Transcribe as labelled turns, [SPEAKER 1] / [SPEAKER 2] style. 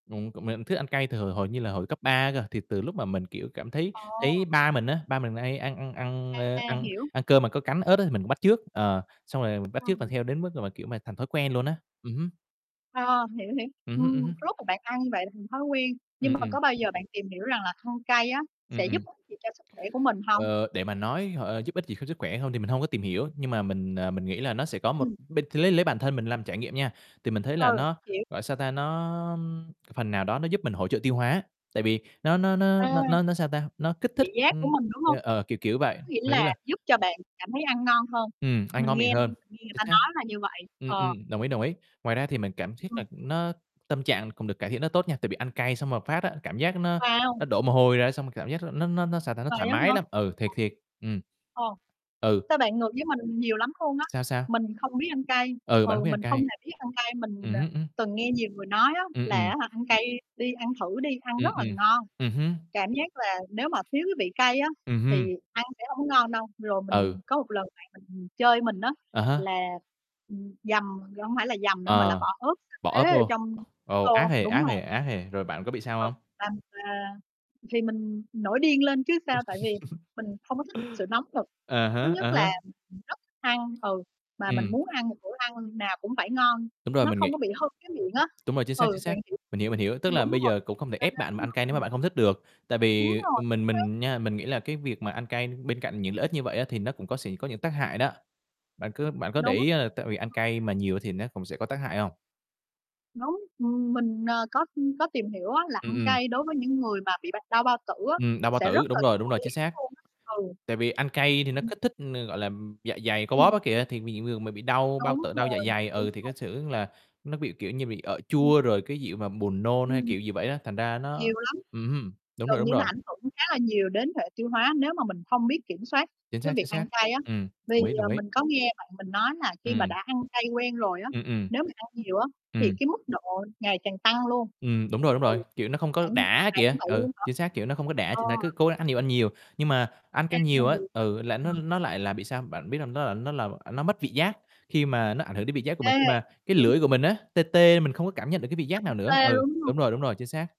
[SPEAKER 1] Ừm, cũng [unintelligible] thích ăn cay từ hồi hổi như là hồi cấp 3 cơ, thì từ lúc mà mình, kiểu, cảm thấy thấy
[SPEAKER 2] Ồ!
[SPEAKER 1] ba mình á, ba mình nà hay ăn ăn ăn, ơ,
[SPEAKER 2] À,
[SPEAKER 1] ăn
[SPEAKER 2] hiểu.
[SPEAKER 1] ăn cơm mà có cắn ớt á, thì mình cũng bắt chước, ờ, xong rồi mình bắt chước và
[SPEAKER 2] [unintelligible]
[SPEAKER 1] theo đến mức mà, kiểu mà, thành thói quen luôn á, ừm hứm.
[SPEAKER 2] Ờ, hiểu, hiểu.
[SPEAKER 1] Ừm hứm, ừm
[SPEAKER 2] Ừm, cái
[SPEAKER 1] hứm.
[SPEAKER 2] lúc mà bạn ăn như vậy thành thói quen, nhưng
[SPEAKER 1] Ừm,
[SPEAKER 2] mà
[SPEAKER 1] ừm.
[SPEAKER 2] có bao giờ bạn tìm hiểu rằng là thôn cay á sẽ
[SPEAKER 1] Ừm,
[SPEAKER 2] giúp
[SPEAKER 1] ừm.
[SPEAKER 2] ích gì cho sức khỏe của mình hông?
[SPEAKER 1] Ờ, để mà nói h ơ, giúp ích gì cho sức khỏe hông, thì mình hông có tìm hiểu, nhưng mà mình, ờ, mình nghĩ là nó sẽ có một
[SPEAKER 2] Ừm.
[SPEAKER 1] b lấy lấy bản thân mình làm trải nghiệm nha, thì mình thấy
[SPEAKER 2] Ừ,
[SPEAKER 1] là nó,
[SPEAKER 2] hiểu.
[SPEAKER 1] gọi sao ta, nó, ưm, c phần nào đó nó giúp mình hỗ trợ tiêu hóa, tại vì nó nó nó
[SPEAKER 2] À!
[SPEAKER 1] nó nó nó sao ta, nó kích
[SPEAKER 2] Vị
[SPEAKER 1] thích
[SPEAKER 2] giác của
[SPEAKER 1] ừm,
[SPEAKER 2] mình, đúng
[SPEAKER 1] ê,
[SPEAKER 2] hông?
[SPEAKER 1] ờ, kiểu, kiểu vậy,
[SPEAKER 2] Có nghĩa
[SPEAKER 1] mình nghĩ
[SPEAKER 2] là
[SPEAKER 1] là
[SPEAKER 2] giúp cho bạn cảm thấy ăn ngon hơn,
[SPEAKER 1] Ừm, ăn
[SPEAKER 2] mình
[SPEAKER 1] ngon miệng
[SPEAKER 2] nghe
[SPEAKER 1] hơn,
[SPEAKER 2] mình nghe người
[SPEAKER 1] chính
[SPEAKER 2] ta
[SPEAKER 1] xác.
[SPEAKER 2] nói là như vậy,
[SPEAKER 1] Ừm,
[SPEAKER 2] ờ.
[SPEAKER 1] ừm, đồng ý, đồng ý. Ngoài ra thì mình cảm thiếc là
[SPEAKER 2] Ừm.
[SPEAKER 1] nó tâm trạng cũng được cải thiện rất tốt nha, tại vì ăn cay xong một phát á, cảm giác nó
[SPEAKER 2] Wow!
[SPEAKER 1] nó đổ mồ hôi ra, xong mà cảm giác nó nó nó nó sao ta, nó
[SPEAKER 2] Vậy
[SPEAKER 1] thoải
[SPEAKER 2] á hả?
[SPEAKER 1] mái lắm, ừ, thiệt, thiệt, ừm.
[SPEAKER 2] Ồ! Ồ,
[SPEAKER 1] Ừ.
[SPEAKER 2] sao bạn ngược với mình nhiều lắm luôn á,
[SPEAKER 1] Sao, sao?
[SPEAKER 2] mình không biết ăn cay,
[SPEAKER 1] Ừ, bạn hông
[SPEAKER 2] ừ,
[SPEAKER 1] biết ăn
[SPEAKER 2] mình không
[SPEAKER 1] cay.
[SPEAKER 2] hề biết ăn cay, mình,
[SPEAKER 1] Ừm
[SPEAKER 2] ờ,
[SPEAKER 1] hứm, ưm.
[SPEAKER 2] từng nghe nhiều người nói á
[SPEAKER 1] Ừm,
[SPEAKER 2] là,
[SPEAKER 1] ừm.
[SPEAKER 2] á hả, ăn cay đi ăn thử đi, ăn rất
[SPEAKER 1] Ừm,
[SPEAKER 2] là
[SPEAKER 1] ừm,
[SPEAKER 2] ngon,
[SPEAKER 1] ừm hứm.
[SPEAKER 2] cảm giác là nếu mà thiếu cái vị cay á
[SPEAKER 1] Ừm hưm.
[SPEAKER 2] thì ăn sẽ hông có ngon đâu. Rồi mình
[SPEAKER 1] Ừ.
[SPEAKER 2] có một lần bạn mình chơi mình á,
[SPEAKER 1] À há.
[SPEAKER 2] là, ừm, dằm chẳng phải là dằm nữa mà là
[SPEAKER 1] Ờ,
[SPEAKER 2] bỏ ớt sa
[SPEAKER 1] bỏ
[SPEAKER 2] tế ở
[SPEAKER 1] vô,
[SPEAKER 2] trong cái
[SPEAKER 1] ồ, ác
[SPEAKER 2] tô
[SPEAKER 1] hì,
[SPEAKER 2] đúng
[SPEAKER 1] ác hì,
[SPEAKER 2] rồi.
[SPEAKER 1] ác hì, rồi bạn có bị sao
[SPEAKER 2] Ừ,
[SPEAKER 1] hông?
[SPEAKER 2] làm, à thì mình nổi điên lên chứ sao, tại vì mình không có thích sự nóng nực,
[SPEAKER 1] À
[SPEAKER 2] thứ
[SPEAKER 1] há, à
[SPEAKER 2] nhất
[SPEAKER 1] há.
[SPEAKER 2] là rất thích ăn, ừ, mà mình
[SPEAKER 1] Ừm.
[SPEAKER 2] muốn ăn một bữa ăn nào cũng phải ngon,
[SPEAKER 1] Đúng rồi,
[SPEAKER 2] nó
[SPEAKER 1] mình nghĩ
[SPEAKER 2] không có bị hư cái miệng á.
[SPEAKER 1] đúng rồi, chính xác,
[SPEAKER 2] Ừ,
[SPEAKER 1] chính xác,
[SPEAKER 2] bạn hiểu
[SPEAKER 1] mình hiểu, mình hiểu. Tức là
[SPEAKER 2] đúng đúng
[SPEAKER 1] bây
[SPEAKER 2] rồi,
[SPEAKER 1] giờ cũng không thể ép
[SPEAKER 2] cho
[SPEAKER 1] bạn mà
[SPEAKER 2] nên
[SPEAKER 1] ăn
[SPEAKER 2] á
[SPEAKER 1] cay nếu
[SPEAKER 2] hả
[SPEAKER 1] mà
[SPEAKER 2] ừm.
[SPEAKER 1] bạn hông thích được, tại vì,
[SPEAKER 2] Đúng rồi,
[SPEAKER 1] ừm,
[SPEAKER 2] chính
[SPEAKER 1] mình
[SPEAKER 2] xác.
[SPEAKER 1] mình nha, mình nghĩ là cái việc mà ăn cay, bên cạnh những lợi ích như vậy á thì nó cũng có sẽ có những tác hại đó. Bạn có bạn có để
[SPEAKER 2] Đúng.
[SPEAKER 1] ý á là tại vì ăn
[SPEAKER 2] [unintelligible]
[SPEAKER 1] cay mà nhiều thì nó cũng sẽ có tác hại hông?
[SPEAKER 2] Đúng, ừm, mình, à, có, ưm, có tìm hiểu á là
[SPEAKER 1] Ừm,
[SPEAKER 2] ăn
[SPEAKER 1] ừm.
[SPEAKER 2] cay đối với những người mà bị bệnh đau bao tử á
[SPEAKER 1] Ừm, đau bao
[SPEAKER 2] sẽ
[SPEAKER 1] tử,
[SPEAKER 2] rất là
[SPEAKER 1] đúng rồi, đúng rồi,
[SPEAKER 2] nguy
[SPEAKER 1] chính
[SPEAKER 2] hiểm
[SPEAKER 1] xác.
[SPEAKER 2] luôn á. Ừ.
[SPEAKER 1] Tại vì ăn cay thì nó
[SPEAKER 2] Ừm.
[SPEAKER 1] kích thích, ờ, gọi là, ừm, dạ dày co bóp
[SPEAKER 2] Ừm.
[SPEAKER 1] á kìa, thì mì [unintelligible] người mà bị đau bao
[SPEAKER 2] Đúng
[SPEAKER 1] tử, đau dạ
[SPEAKER 2] rồi,
[SPEAKER 1] dày,
[SPEAKER 2] đúng
[SPEAKER 1] ừ, thì cái
[SPEAKER 2] rồi.
[SPEAKER 1] xu hướng là nó bị, kiểu như, bị ợ
[SPEAKER 2] Ừm.
[SPEAKER 1] chua, rồi cái gì mà buồn nôn hay
[SPEAKER 2] Ừm.
[SPEAKER 1] kiểu gì vậy đó, thành ra nó
[SPEAKER 2] Nhiều lắm,
[SPEAKER 1] ừm hưm, đúng rồi,
[SPEAKER 2] gần
[SPEAKER 1] đúng
[SPEAKER 2] như nó
[SPEAKER 1] rồi.
[SPEAKER 2] ảnh hưởng khá là nhiều đến hệ tiêu hóa nếu mà mình không biết kiểm soát
[SPEAKER 1] Chính
[SPEAKER 2] cái
[SPEAKER 1] xác, chính
[SPEAKER 2] việc ăn
[SPEAKER 1] xác.
[SPEAKER 2] cay á,
[SPEAKER 1] Ừm,
[SPEAKER 2] vì,
[SPEAKER 1] đồng ý,
[SPEAKER 2] ờ,
[SPEAKER 1] đồng ý.
[SPEAKER 2] mình có nghe bạn mình nói là khi mà
[SPEAKER 1] Ừm.
[SPEAKER 2] đã ăn cay quen rồi á,
[SPEAKER 1] Ừm, ừm.
[SPEAKER 2] nếu mà ăn nhiều á thì
[SPEAKER 1] Ừm.
[SPEAKER 2] cái mức độ ngày càng tăng luôn.
[SPEAKER 1] Ừm, đúng rồi, đúng
[SPEAKER 2] Ừ,
[SPEAKER 1] rồi, kiểu, nó không có
[SPEAKER 2] bạn
[SPEAKER 1] đã
[SPEAKER 2] bạn
[SPEAKER 1] kìa,
[SPEAKER 2] cũng bị
[SPEAKER 1] ừ,
[SPEAKER 2] luôn hả?
[SPEAKER 1] chính xác, kiểu, nó không có đã ch
[SPEAKER 2] Ờ.
[SPEAKER 1] nên cứ cố gắng ăn nhiều ăn nhiều. Nhưng mà ăn
[SPEAKER 2] À,
[SPEAKER 1] cay nhiều á,
[SPEAKER 2] vậy hả?
[SPEAKER 1] ừ, là nó
[SPEAKER 2] Ờ.
[SPEAKER 1] nó lại là bị sao, bạn biết hông? Nó là nó làm à, nó mất vị giác khi mà nó ảnh hưởng đến vị giác của
[SPEAKER 2] Ê,
[SPEAKER 1] mình, khi mà cái
[SPEAKER 2] hiểu.
[SPEAKER 1] lưỡi của mình á tê tê mình không có cảm nhận được cái vị
[SPEAKER 2] Nó
[SPEAKER 1] giác
[SPEAKER 2] bị
[SPEAKER 1] nào nữa,
[SPEAKER 2] tê
[SPEAKER 1] ừ,
[SPEAKER 2] luôn, đúng hông?
[SPEAKER 1] đúng rồi, đúng rồi, chính xác.